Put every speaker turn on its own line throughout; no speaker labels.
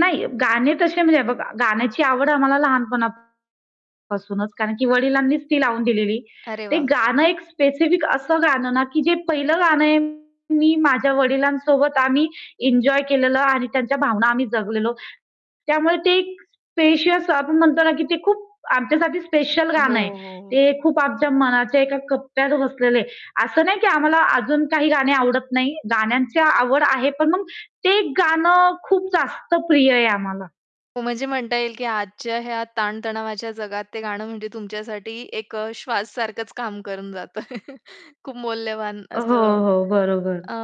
नाही, गाणे तसे म्हणजे बघा गाण्याची आवड आम्हाला लहानपणापासूनच कारण की वडिलांनीच ती लावून दिलेली.
अरे
ते
वाह!
गाणं एक स्पेसिफिक असं गाण ना, की जे पहिलं गाणं आहे मी माझ्या वडिलांसोबत आम्ही एन्जॉय केलेलं आणि त्यांच्या भावना आम्ही जगलेलो. त्यामुळे ते एक स्पेशियस आपण म्हणतो ना, की ते खूप आमच्यासाठी स्पेशल
हो,
गाणं आहे.
हो.
ते खूप आमच्या मनाच्या एका कप्प्यात बसलेलं आहे. अस नाही की आम्हाला अजून काही गाणी आवडत नाही. गाण्यांची आवड आहे पण मग ते गाण खूप जास्त प्रिय आहे आम्हाला.
हो, म्हणजे म्हणता येईल की आजच्या ह्या ताणतणावाच्या जगात ते गाणं म्हणजे तुमच्यासाठी एक अ, श्वास सारखंच काम करून जातं. खूप मौल्यवान
अ, हो,
असं.
हो. बरोबर.
अ,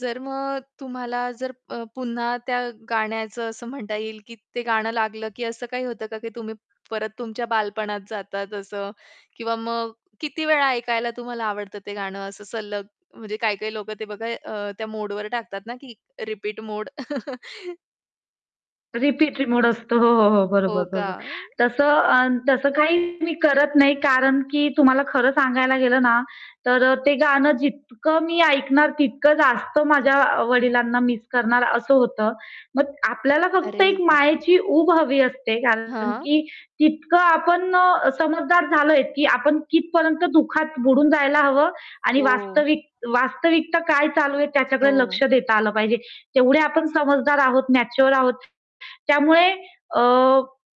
जर मग तुम्हाला जर अ, पुन्हा त्या गाण्याचं असं म्हणता येईल की ते गाणं लागलं, की असं काही होतं का, की तुम्ही परत तुमच्या बालपणात जातात असं किंवा मग किती वेळा ऐकायला तुम्हाला आवडतं ते गाणं असं सलग म्हणजे काही-काही लोकं ते बघा अ, त्या मोडवर टाकतात ना, की रिपीट मोड.
रिपीट मोड असतो. हो, हो, बरोबर,
हो का?
बरोबर. तस अ, तसं काही मी करत नाही. कारण की तुम्हाला खर सांगायला गेलं ना, तर अ, ते गाण जितक मी ऐकणार, तितक जास्त माझ्या वडिलांना मिस करणार अस होतं. मग आपल्याला
अरे
फक्त एक
बापरे!
मायेची उब हवी असते. कारण
हां.
की तितक आपण अ, समजदार झालोय की आपण कितीपर्यंत दुःखात बुडून जायला हवं आणि
हो.
वास्तविक वास्तविकता काय चालू आहे त्याच्याकडे लक्ष
हो.
देता आल पाहिजे. तेवढे आपण समजदार आहोत, मॅच्युअर आहोत. त्यामुळे अ,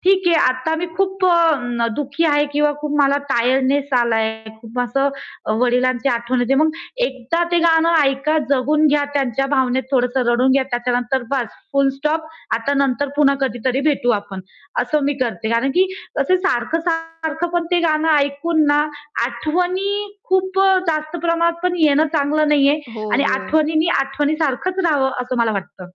ठीक आहे आता मी खूप अ, दुःखी आहे किंवा खूप मला टायर्डनेस आलाय आहे. खूप असं वडिलांची आठवण येते. मग एकदा ते गाणं ऐका जगून घ्या त्यांच्या भावनेत थोडस रडून घ्या. त्याच्यानंतर बास फुल स्टॉप आता नंतर पुन्हा कधीतरी भेटू आपण, अस मी करते. कारण की अ, सारखं-सारखं पण ते गाणं ऐकून ना, आठवणी खूप अ, जास्त प्रमाणात पण येणं चांगल नाहीये.
हो,
आणि
हो.
आठवणींनी आठवणीसारखचं रहावं अस मला वाटतं.